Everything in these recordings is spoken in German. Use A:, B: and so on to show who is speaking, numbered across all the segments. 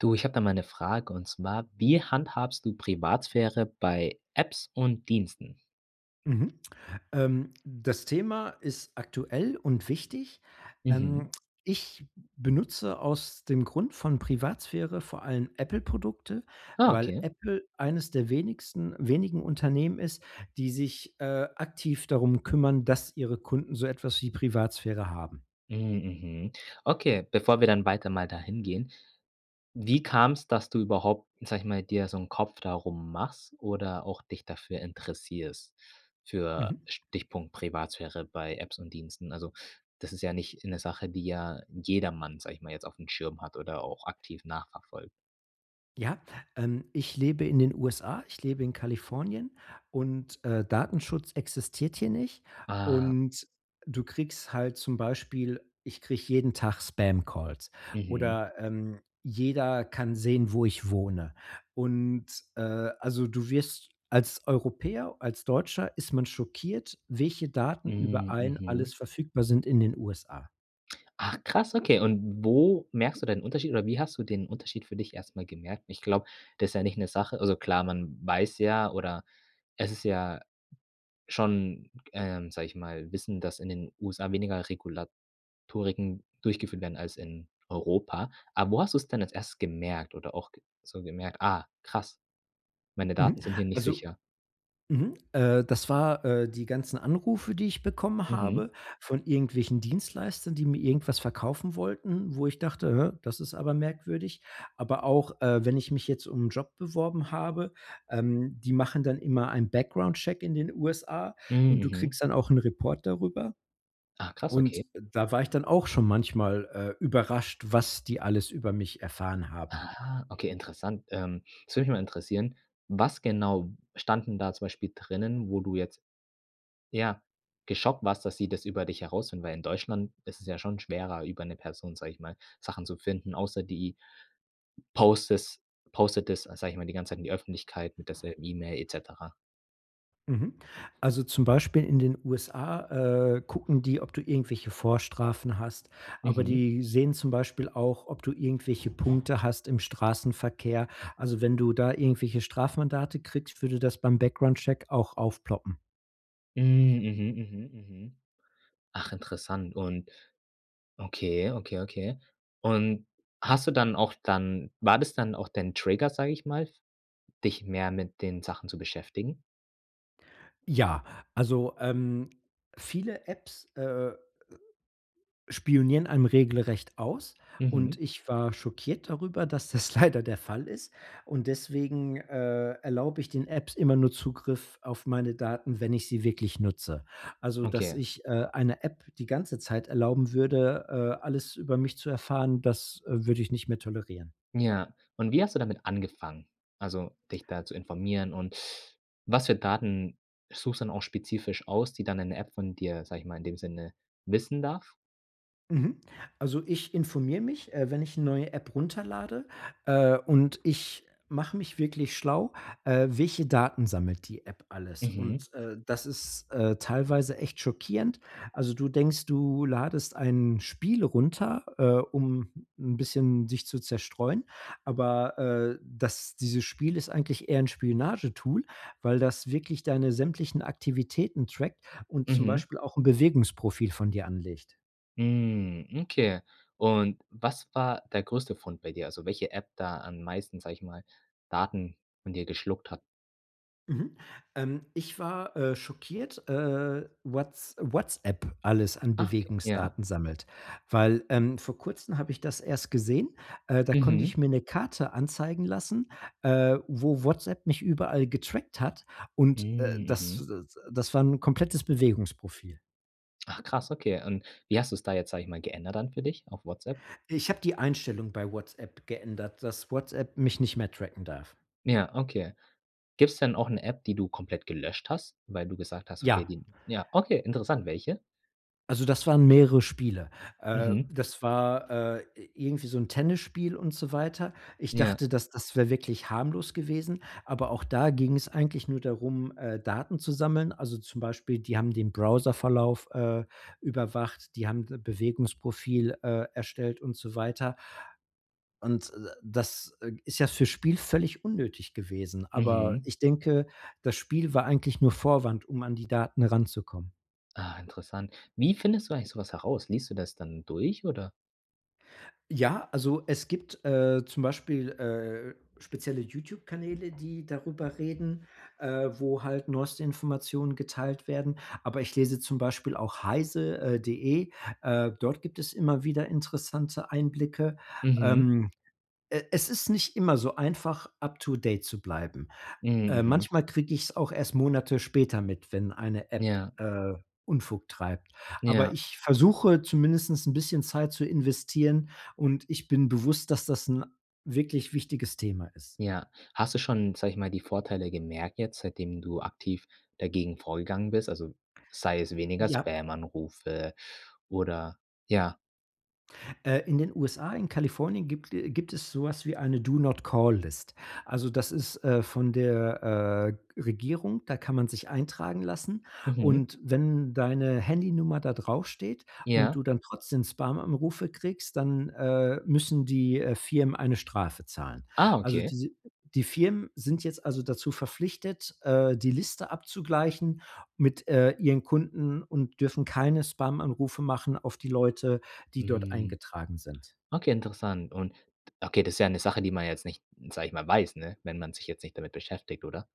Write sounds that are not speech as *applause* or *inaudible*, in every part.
A: Du, ich habe da mal 'ne Frage, und zwar, wie handhabst du Privatsphäre bei Apps und Diensten?
B: Mhm. Ähm, das Thema ist aktuell und wichtig.
A: Mhm.
B: Ähm, ich b benutze aus dem Grund von Privatsphäre vor allen Apple-Produkte,
A: Ah,
B: weil
A: okay.
B: Apple eines der wenigsten wenigen Unternehmen ist, die sich, äh, aktiv darum kümmern, dass ihre Kunden so etwas wie Privatsphäre haben.
A: Mhm, mhm, okay, bevor wir dann weiter mal dahin gehen. Wie kam's, dass du überhaupt, sage ich mal, dir so 'n Kopf darum machst oder auch dich dafür interessierst, für
B: Mhm.
A: Stichpunkt Privatsphäre bei Apps und Diensten. Also, das ist ja nicht 'ne Sache, die ja jedermann, sage ich mal jetzt auf 'n Schirm hat oder auch aktiv nachverfolgt.
B: Ja, ähm, ich lebe in den USA. Ich lebe in Kalifornien und, äh, Datenschutz existiert hier nicht.
A: Ah.
B: Und, äh, du kriegst halt zum Beispiel ich kriege jeden Tag Spamcalls
A: Mhm.
B: oder, ähm, jeder kann sehen, wo ich wohne. Und äh, also, du wirst als Europäer, als Deutscher ist man schockiert, welche Daten über
A: Hm,
B: einen
A: mhm.
B: alles verfügbar sind in den USA.
A: Ach, krass, okay. Und w wo merkst du da den Unterschied oder wie hast du den Unterschied für dich erstmal gemerkt? Ich glaube, das ist ja nicht 'ne Sache also klar, man weiß ja oder es ist ja schon, ähm sage ich mal, Wissen, dass in den USA weniger Regulatoriken durchgeführt werden als in Europa. Aber wo hast du es denn als Erstes gemerkt oder auch g so gemerkt: „Ah, krass, meine
B: Mhm,
A: Daten sind hier nicht
B: also
A: sicher.”
B: mhm, äh, das war, äh, die ganzen Anrufe, die ich bekommen
A: Mhm.
B: habe, von irgendwelchen Dienstleistern, die mir irgendwas verkaufen wollten, wo ich dachte: „Hä, das ist aber merkwürdig.” Aber auch, äh, wenn ich mich jetzt um 'n Job beworben habe, ähm, die machen dann immer ein Background-Check in den USA
A: Mhm,
B: und du
A: mhm.
B: kriegst dann auch 'n Report darüber.
A: Ah, krass.
B: Und
A: Okay.
B: da war ich dann auch schon manchmal, äh, überrascht, was die alles über mich erfahren haben.
A: Aha, okay, interessant, ähm, das würde mich mal interessieren. Was genau stand denn da zum Beispiel drinnen, wo du jetzt ja, geschockt warst, dass sie das über dich herausfinden, weil in Deutschland ist es ja schon schwerer, über 'ne Person, sage ich mal, Sachen zu finden, außer die postet- postet es, sage ich mal, die ganze Zeit in die Öffentlichkeit mit derselben E-Mail et cetera.
B: Mhm, also, zum Beispiel in den USA, äh, gucken die, ob du irgendwelche Vorstrafen hast. Aber
A: Mhm.
B: die sehen zum Beispiel auch, ob du irgendwelche Punkte hast im Straßenverkehr. Also, wenn du da irgendwelche Strafmandate kriegst, würde das beim Background Check auch aufploppen.
A: Hm, mhm, mhm, mhm. Ach, interessant und okay, okay, okay. Und hast du dann auch dann war das dann auch dein Trigger, sage ich mal, f dich mehr mit den Sachen zu beschäftigen?
B: Ja, also, ähm, viele Apps, äh spionieren einem regelrecht aus. Und
A: Mhm.
B: ich war schockiert darüber, dass das leider der Fall ist. Und deswegen, äh, erlaube ich den Apps immer nur Zugriff auf meine Daten, wenn ich sie wirklich nutze. Also, dass
A: Okay.
B: ich, äh, eine App die ganze Zeit erlauben würde, äh, alles über mich zu erfahren. Das, äh, würde ich nicht mehr tolerieren.
A: Ja. Und wie hast du damit angefangen? Also, dich da zu informieren und *sucks teeth* was für Daten suchst du dann auch spezifisch aus, die dann 'ne App von dir, sage ich mal, in dem Sinne wissen darf?
B: Mhm, also, ich informiere mich, äh, wenn ich 'ne neue App runterlade. Äh, und ich mache mich wirklich schlau. Äh, welche Daten sammelt die App alles?
A: Mhm.
B: Und, äh, das ist, äh, teilweise echt schockierend. Also, du denkst, du ladest ein Spiel runter, äh, um 'n bisschen sich zu zerstreuen. Aber, äh, das dieses Spiel ist eigentlich eher 'n Spionagetool, weil das wirklich deine sämtlichen Aktivitäten trackt und zum
A: Mhm.
B: Beispiel auch 'n Bewegungsprofil von dir anlegt.
A: Mhm, okay. Und was war der größte Fund bei dir? Also welche App da am meisten, sage ich mal, Daten von dir geschluckt hat?
B: Mhm, ähm, ich war, äh, schockiert. Äh, Whats WhatsApp alles an
A: Ah, okay, ja.
B: Bewegungsdaten sammelt, weil, ähm, vor kurzen habe ich das erst gesehen. Äh, da konnte
A: Mhm.
B: ich mir 'ne Karte anzeigen lassen, äh, wo WhatsApp mich überall getrackt hat. Und, äh,
A: Mhm,
B: das
A: mhm.
B: das war 'n komplettes Bewegungsprofil.
A: Ach, krass. okay. Und wie hast du es da jetzt, sage ich mal, geändert dann für dich, auf WhatsApp?
B: Ich habe die Einstellung bei WhatsApp geändert, dass WhatsApp mich nicht mehr tracken darf.
A: Ja, okay. Gibt's denn auch 'ne App, die du komplett gelöscht hast? Weil du gesagt hast: „Okay,
B: Ja.
A: die“ ja, okay, interessant. Welche?
B: Also, das waren mehrere Spiele. Äh,
A: Mhm.
B: das war, äh, i irgendwie so 'n Tennisspiel und so weiter. Ich
A: Ja.
B: dachte, das das wäre wirklich harmlos gewesen. Aber auch da ging es eigentlich nur darum, äh, Daten zu sammeln. Also, zum Beispiel, die haben den Browserverlauf, äh, überwacht. Die haben d Bewegungsprofil, äh, erstellt und so weiter. Und, äh, das, äh, ist ja fürs Spiel völlig unnötig gewesen. Aber
A: Mhm.
B: ich denke, das Spiel war eigentlich nur Vorwand, um an die Daten ranzukommen.
A: Ah, interessant. Wie findest du eigentlich sowas heraus? Liest du das dann durch, oder?
B: Ja. Also, es gibt, äh, zum Beispiel, äh, spezielle YouTube-Kanäle, die darüber reden, äh, wo halt neueste Informationen geteilt werden. Aber ich lese zum Beispiel auch heise äh, de. Äh, dort gibt es immer wieder interessante Einblicke.
A: Mhm.
B: Ähm, e es ist nicht immer so einfach, up to date zu bleiben.
A: Mhm,
B: Äh,
A: mhm.
B: manchmal kriege ich es auch erst Monate später mit, wenn eine App,
A: Ja.
B: äh, Unfug treibt. Aber
A: Ja.
B: ich versuche zumindestens 'n bisschen Zeit zu investieren. Und ich bin bewusst, dass das 'n wirklich wichtiges Thema ist.
A: Ja. Hast du schon, sage ich mal, die Vorteile gemerkt, jetzt, seitdem du aktiv dagegen vorgegangen bist. Also, sei es weniger
B: Ja.
A: Spam-Anrufe oder ja.
B: Äh, in den USA in Kalifornien gibt äh, gibt es sowas wie eine Do-Not-Call-List. Also, das ist, äh, von der, äh, Regierung. Da kann man sich eintragen lassen.
A: Mhm.
B: Und wenn deine Handynummer da draufsteht und
A: Ja.
B: du dann trotzdem Spam-Anrufe kriegst, dann, äh, müssen die, äh, Firmen eine Strafe zahlen.
A: Ah,
B: Also,
A: okay
B: diese die Firmen sind jetzt also, dazu verpflichtet, äh, die Liste abzugleichen mit, äh, ihren Kunden und dürfen keine Spam-Anrufe machen auf die Leute, die dort
A: Hm.
B: eingetragen sind.
A: Okay, interessant. Und d okay, das ist ja 'ne Sache, die man jetzt nicht, sage ich mal weiß, ne? Wenn man sich jetzt nicht damit beschäftigt, oder?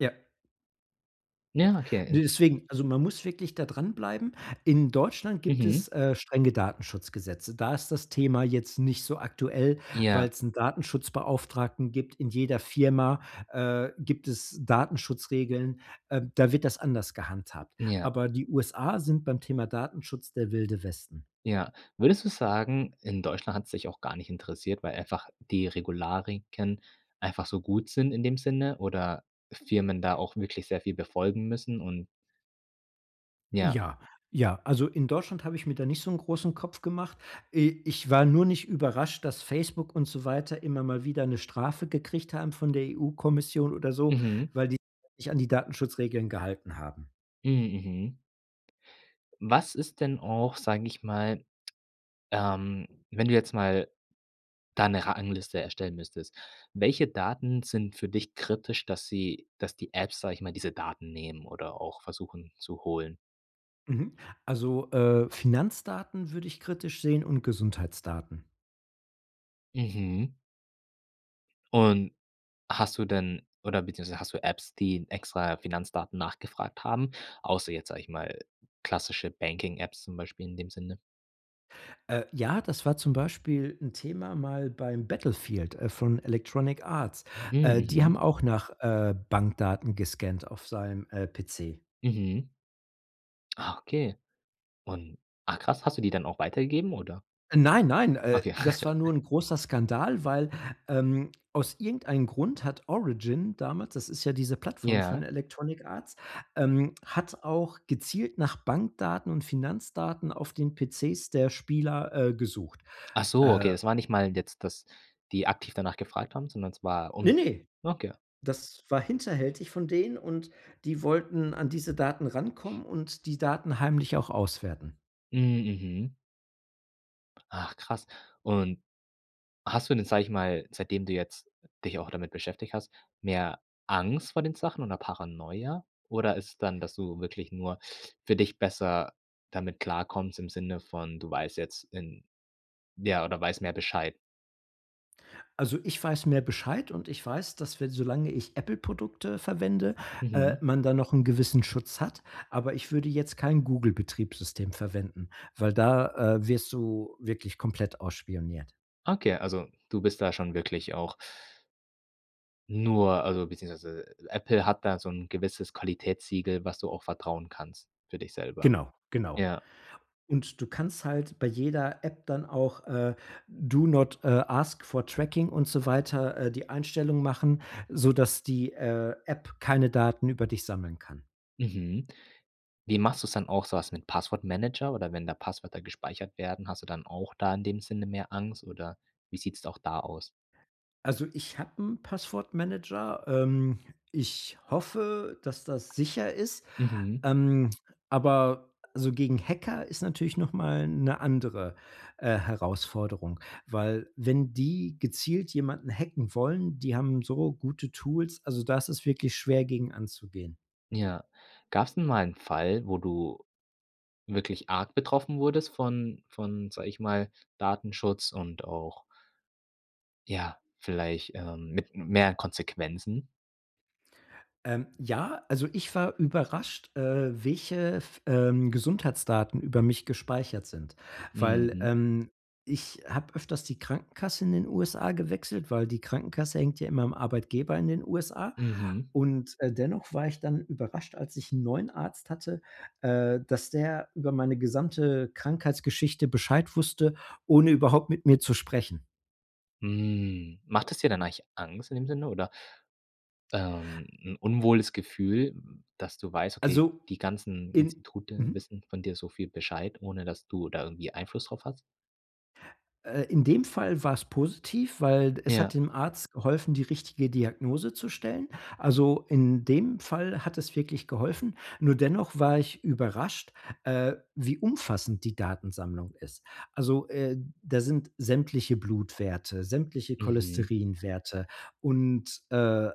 B: Ja.
A: Ja,
B: Ne,
A: okay.
B: deswegen. Also, man muss wirklich da dran bleiben. In Deutschland gibt
A: Mhm.
B: es, äh, strenge Datenschutzgesetze. Da ist das Thema jetzt nicht so aktuell, weil
A: Ja.
B: es 'n Datenschutzbeauftragten gibt. In jeder Firma, äh, gibt es Datenschutzregeln. Ähm, da wird das anders gehandhabt.
A: Ja.
B: Aber die USA sind beim Thema Datenschutz der Wilde Westen.
A: Ja. Würdest du sagen, in Deutschland hat's dich auch gar nicht interessiert, weil einfach die Regularien einfach so gut sind in dem Sinne oder Firmen da auch wirklich sehr viel befolgen müssen und Ja.
B: Ja, ja. Also, in Deutschland habe ich mir da nicht so 'n großen Kopf gemacht. I ich war nur nicht überrascht, dass Facebook und so weiter immer mal wieder 'ne Strafe gekriegt haben von der EU-Kommission oder so,
A: Mhm.
B: weil die sich nicht an die Datenschutzregeln gehalten haben.
A: Hm, mhm. Was ist denn auch, sage ich mal, ähm, wenn du jetzt mal da 'ne Rangliste erstellen müsstest? Welche Daten sind für dich kritisch, dass sie dass die Apps, sage ich mal, diese Daten nehmen oder auch versuchen zu holen?
B: Mhm, also, äh, Finanzdaten würde ich kritisch sehen und Gesundheitsdaten.
A: Mhm. Und hast du denn, oder beziehungsweise hast du Apps, die in extra Finanzdaten nachgefragt haben, außer jetzt, sage ich mal, klassische Banking-Apps zum Beispiel in dem Sinne?
B: Äh, ja, das war zum Beispiel 'n Thema mal beim Battlefield, äh, von Electronic Arts.
A: Hm,
B: Äh, die haben
A: mhm.
B: auch nach, äh, Bankdaten gescannt auf seinem, äh, PC.
A: Mhm. Ah, okay. Und, ah, krass. Hast du die dann auch weitergegeben, oder?
B: Nein, nein, äh,
A: Okay.
B: das war nur
A: *laughs*
B: 'n großer Skandal, weil, ähm, aus irgendeinen Grund hat „Origin“ damals, das ist ja diese Plattform von
A: Ja.
B: „Electronic Arts“, ähm, hat auch gezielt nach Bankdaten und Finanzdaten auf den PCs der Spieler, äh, gesucht.
A: Ach so, okay,
B: Äh.
A: das war nicht mal jetzt, dass die aktiv danach gefragt haben, sondern es war
B: Ne,
A: um p
B: ne,
A: okay.
B: das war hinterhältig von denen, und die wollten an diese Daten rankommen und die Daten heimlich auch auswerten.
A: Mhm, mhm. Ach, krass. Und hast du denn, sage ich mal, seitdem du jetzt dich auch damit beschäftigt hast, mehr Angst vor den Sachen oder Paranoia? Oder ist dann, dass du wirklich nur für dich besser damit klarkommst im Sinne von, du weißt jetzt in ja, oder weiß mehr Bescheid?
B: Also, ich weiß mehr Bescheid und ich weiß, dass, wenn solange ich „Apple“ Produkte verwende, äh,
A: Mhm.
B: man da noch 'n gewissen Schutz hat. Aber ich würde jetzt kein „Google“ Betriebssystem verwenden, weil da, äh, wirst du wirklich komplett ausspioniert.
A: Okay, also du bist da schon wirklich auch nur also beziehungsweise Apple hat da so 'n gewisses Qualitätssiegel, was du auch vertrauen kannst für dich selber.
B: Genau. Genau.
A: Ja.
B: Und du kannst halt bei jeder App dann auch, äh, Do not, äh, ask for Tracking und so weiter, äh, die Einstellung machen, sodass die, äh, App keine Daten über dich sammeln kann.
A: Mhm. Wie machst du's dann auch sowas mit Passwort-Manager oder wenn da Passwörter gespeichert werden, hast du dann auch da in dem Sinne mehr Angst, oder wie sieht's auch da aus?
B: Also, ich habe 'n Passwort-Manager. Ähm, ich hoffe, dass das sicher ist.
A: Mhm.
B: Ähm, aber so gegen Hacker ist natürlich noch mal 'ne andere, äh, Herausforderung, weil wenn die gezielt jemanden hacken wollen, die haben so gute Tools. Also, da ist es wirklich schwer, gegen anzugehen.
A: Ja. Gab's denn mal einen Fall, wo du wirklich arg betroffen wurdest von von, sage ich mal, Datenschutz und auch ja, vielleicht, ähm, mit m mehr Konsequenzen?
B: Ähm, ja, also, ich war überrascht, äh, welche f ähm, Gesundheitsdaten über mich gespeichert sind weil,
A: Mhm.
B: ähm, ich habe öfters die Krankenkasse in den USA gewechselt, weil die Krankenkasse hängt ja immer am Arbeitgeber in den USA.
A: Mhm.
B: Und, äh, dennoch war ich dann überrascht, als ich 'n neuen Arzt hatte, äh, dass der über meine gesamte Krankheitsgeschichte Bescheid wusste, ohne überhaupt mit mir zu sprechen.
A: Hm, macht es dir dann eigentlich Angst in dem Sinne, oder ähm, 'n unwohles Gefühl, dass du weißt, okay,
B: Also,
A: die ganzen
B: in,
A: Institute
B: mhm.
A: wissen von dir so viel Bescheid, ohne dass du da irgendwie Einfluss drauf hast?
B: Äh, in dem Fall war es positiv, weil es hat
A: Ja.
B: dem Arzt geholfen, die richtige Diagnose zu stellen. Also in dem Fall hat es wirklich geholfen. Nur dennoch war ich überrascht, äh, wie umfassend die Datensammlung ist. Also, äh, da sind sämtliche Blutwerte, sämtliche
A: Mhm.
B: Cholesterinwerte und, äh,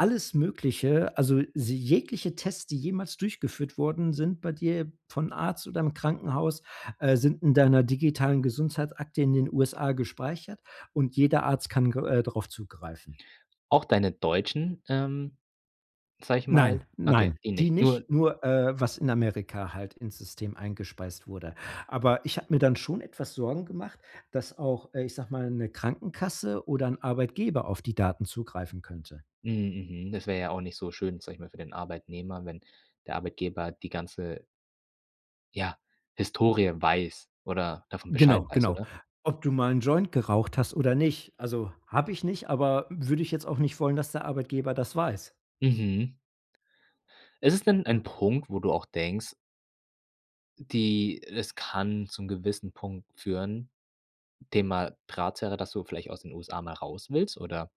B: alles Mögliche also sie jegliche Tests, die jemals durchgeführt worden sind, bei dir von Arzt oder im Krankenhaus, äh, sind in deiner digitalen Gesundheitsakte in den USA gespeichert und jeder Arzt kann gr äh, drauf zugreifen.
A: Auch deine deutschen, ähm, sage ich
B: Nein,
A: mal okay,
B: nein,
A: die
B: die
A: nicht. Nur
B: nicht nur, äh was in Amerika halt ins System eingespeist wurde. Aber ich habe mir dann schon etwas Sorgen gemacht, dass auch, äh ich sage mal, 'ne Krankenkasse oder 'n Arbeitgeber auf die Daten zugreifen könnte.
A: Mhm mhm, das wäre ja auch nicht so schön, sage ich mal, für den Arbeitnehmer, wenn der Arbeitgeber die ganze Ja, Historie weiß oder davon Bescheid
B: Genau,
A: weiß,
B: genau.
A: oder?
B: Ob du mal 'n Joint geraucht hast oder nicht. Also, habe ich nicht. Aber würde ich jetzt auch nicht wollen, dass der Arbeitgeber das weiß.
A: Mhm. Ist es denn
B: Ja.
A: ein Punkt, wo du auch denkst die das kann zu 'nem gewissen Punkt führen, Thema, *unintelligible* dass du vielleicht aus den USA mal raus willst, oder?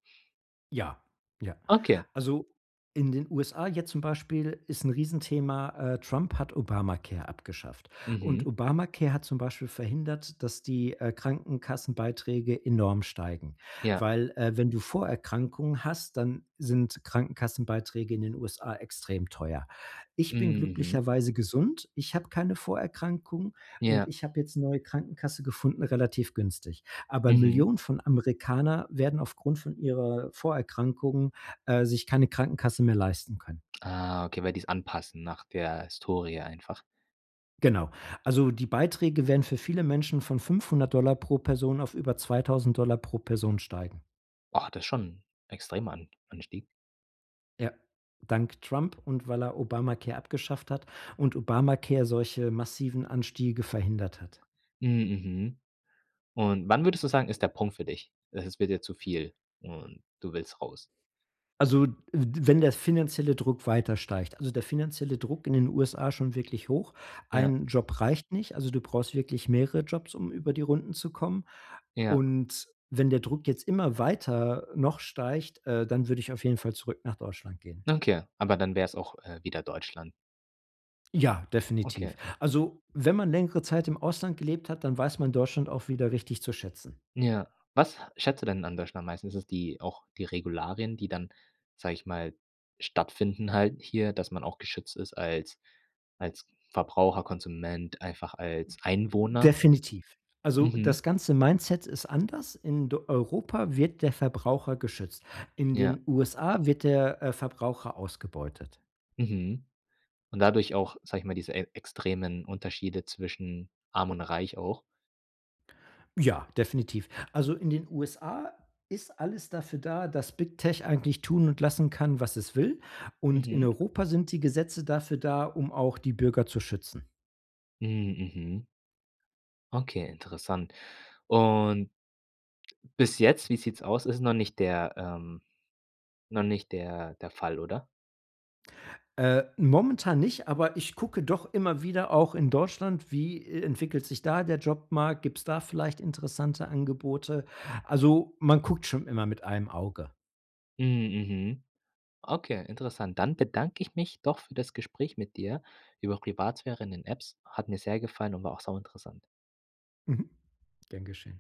B: Ja, ja,
A: Okay.
B: also, in den USA, jetzt zum Beispiel ist 'n Riesenthema, äh, Trump hat Obamacare abgeschafft, und
A: Mhm.
B: Obamacare hat zum Beispiel verhindert, dass die, äh, Krankenkassenbeiträge enorm steigen,
A: Ja.
B: weil, äh, wenn du Vorerkrankungen hast, dann sind Krankenkassenbeiträge in den USA extrem teuer. Ich
A: Hm,
B: bin
A: mhm.
B: glücklicherweise gesund. Ich habe keine Vorerkrankungen. Und
A: Ja.
B: ich habe jetzt 'ne neue Krankenkasse gefunden, relativ günstig. Aber
A: Mhm.
B: Millionen von Amerikaner werden aufgrund von ihrer Vorerkrankung, äh, sich keine Krankenkasse mehr leisten können.
A: Ah, okay, weil die es anpassen nach der Historie einfach.
B: Genau. Also die Beiträge werden für viele Menschen von 500 $ pro Person auf über 2.000 $ pro Person steigen.
A: Oh, das ist schon extremer An Anstieg.
B: Ja, dank Trump und weil er Obamacare abgeschafft hat und Obamacare solche massiven Anstiege verhindert hat.
A: Hm, mhm. Und wann würdest du sagen, ist der Punkt für dich? E es wird jetzt zu viel und du willst raus?
B: Also, w wenn der finanzielle Druck weiter steigt, also der finanzielle Druck in den USA ist schon wirklich hoch.
A: Ja.
B: Ein Job reicht nicht. Also, du brauchst wirklich mehrere Jobs, um über die Runden zu kommen.
A: Ja.
B: Und wenn der Druck jetzt immer weiter, äh, noch steigt, äh, dann würde ich auf jeden Fall zurück nach Deutschland gehen.
A: Okay, aber dann wäre es auch, äh, wieder Deutschland.
B: Ja,
A: Okay.
B: definitiv. Also, wenn man längere Zeit im Ausland gelebt hat, dann weiß man Deutschland auch wieder richtig zu schätzen.
A: Ja. Was schätzt du denn an Deutschland meistens? Ist es die auch die Regularien, die dann, sage ich mal, stattfinden halt hier, dass man auch geschützt ist als als Verbraucher, Konsument, einfach als Einwohner?
B: Definitiv. Also
A: Mhm.
B: das ganze Mindset ist anders. In d Europa wird der Verbraucher geschützt, in
A: Ja.
B: den USA wird der, äh, Verbraucher ausgebeutet.
A: Mhm, und dadurch auch, sage ich mal, diese e extremen Unterschiede zwischen arm und reich auch?
B: Ja, definitiv. Also in den USA ist alles dafür da, dass Big Tech eigentlich tun und lassen kann, was es will. Und in
A: Mhm.
B: Europa sind die Gesetze dafür da, um auch die Bürger zu schützen.
A: Hm, mhm. Okay, interessant. Und bis jetzt, wie sieht's aus, ist noch nicht der ähm, noch nicht der der Fall, oder?
B: Äh, momentan nicht, aber ich gucke doch immer wieder auch in Deutschland. Wie e entwickelt sich da der Jobmarkt? Gibt's da vielleicht interessante Angebote? Also, man guckt schon immer mit einem Auge.
A: Hm, mhm, okay, interessant. Dann bedanke ich mich doch für das Gespräch mit dir über Privatsphäre in den Apps, hat mir sehr gefallen und war auch sau interessant.
B: Mhm, gern geschehen.